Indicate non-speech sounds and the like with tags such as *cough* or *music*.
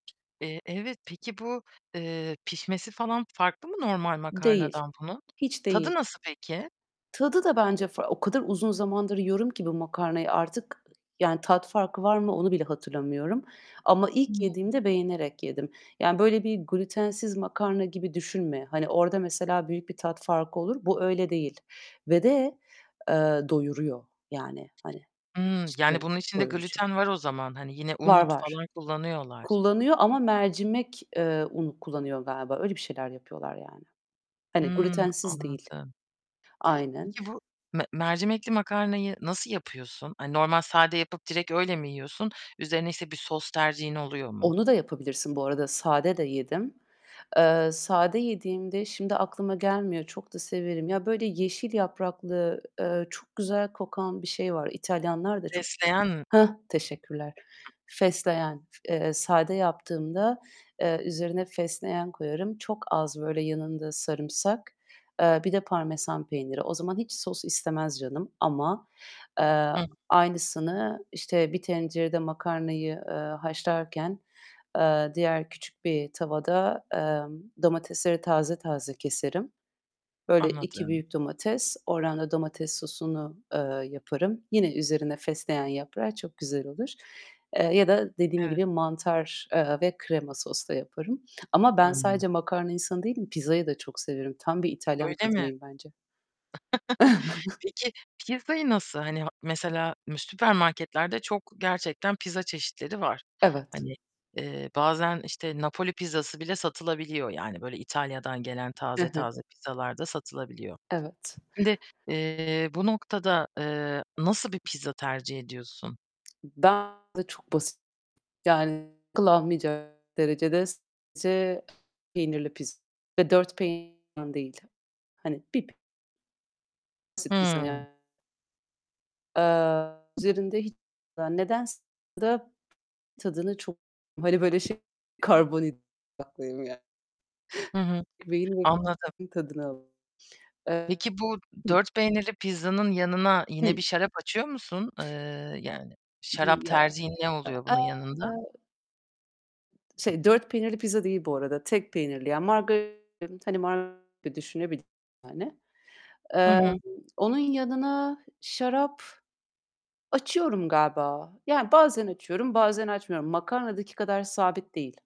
Eee, evet, peki, bu, eee, pişmesi falan farklı mı normal Değil, makarnadan bunun? hiç Tadı değil. nasıl peki? Tadı da bence far o kadar uzun zamandır yiyorum ki bu makarnayı artık, yani tat farkı var mı onu bile hatırlamıyorum ama ilk *unintelligible* yediğimde beğenerek yedim. Yani böyle bir glütensiz makarna gibi düşünme. Hani, orada mesela büyük bir tat farkı olur, bu öyle değil ve de, eee, doyuruyor. Yani, hani, Hımm, yani cidden bunun içinde doyurucu. glüten var o zaman. Hani yine Var, un var. falan kullanıyorlar. Kullanıyor ama mercimek, eee, unu kullanıyor galiba öyle bir şeyler yapıyorlar yani. Hani Hımm, glütensiz değil. anladım. Aynen. Peki bu me mercimekli makarnayı nasıl yapıyorsun? Hani normal sade yapıp direkt öyle mi yiyorsun? Üzerine, işte, bir sos tercihin oluyor mu? Onla da yapabilirsin bu arada, sade de yedim. Eee, sade yediğimde şimdi aklıma gelmiyor. Çok da severim. Ya, böyle yeşil yapraklı, eee, çok güzel kokan bir şey var. İtalyanlar da çok Fesleğen m Heh, teşekkürler. Fesleğen. Eee, sade yaptığımda, eee, üzerine fesleğen koyarım. Çok az, böyle, yanında sarımsak, eee, bir de parmesan peyniri. O zaman hiç sos istemez canım ama, eee, Hı. aynısını, işte, bir tencerede makarnayı, eee, haşlarken, eee, diğer küçük bir tavada, emm, domatesleri taze taze keserim. Böyle 2 Anladım. büyük domates ordan da domates sosunu, eee, yaparım. Yine üzerine fesleğen yaprağı çok güzel olur. Eee, ya da dediğim Evet. gibi, mantar, eee, ve krema soslu yaparım ama ben Hımm. sadece makarna insanı değil pizzayı da çok severim. Tam bir İtalyan Öyle mi? kadınıyım bence. *giggles* *chuckles* Peki pizzayı nasıl Hani, ha mesela mü süpermarketlerde çok gerçekten pizza çeşitleri var. Evet. Hani, eee, bazen, işte, Napoli pizzası bile satılabiliyor. Yani böyle İtalya'dan gelen Hı taze hı. taze pizzalar da satılabiliyor. Evet. Şimdi, eee, bu noktada, eee, nasıl bir pizza tercih ediyorsun? Ben çok basit, yani, kullanmayacak derecede sadece peynirli pizza, 4 peynirli olandan değil, hani, 1 p *unintelligible* pizza Hıı. yani. Eee, üzerinde hiç *unintelligible* nedense da tadını çok Hani, böyle şey karbonhidrat odaklıyım ya. Hı hı, *chuckles* Beynim anladım. tadını alır. Eee Peki bu Hıh. 4 peynirli pizzanın yanına Hıh. yine bir şarap açıyor musun? Eee, yani Değil şarap ya, tercihin ne oluyor e bunun yanında? Şey 4 peynirli pizza değil bu arada tek peynirli. Yani margarita, hani, margarita düşünebilirsin, yani. Hı Emm, hı. onun yanına şarap açıyorum galiba. Yani bazen açıyorum, bazen açmıyorum. Makarnadaki kadar sabit değil.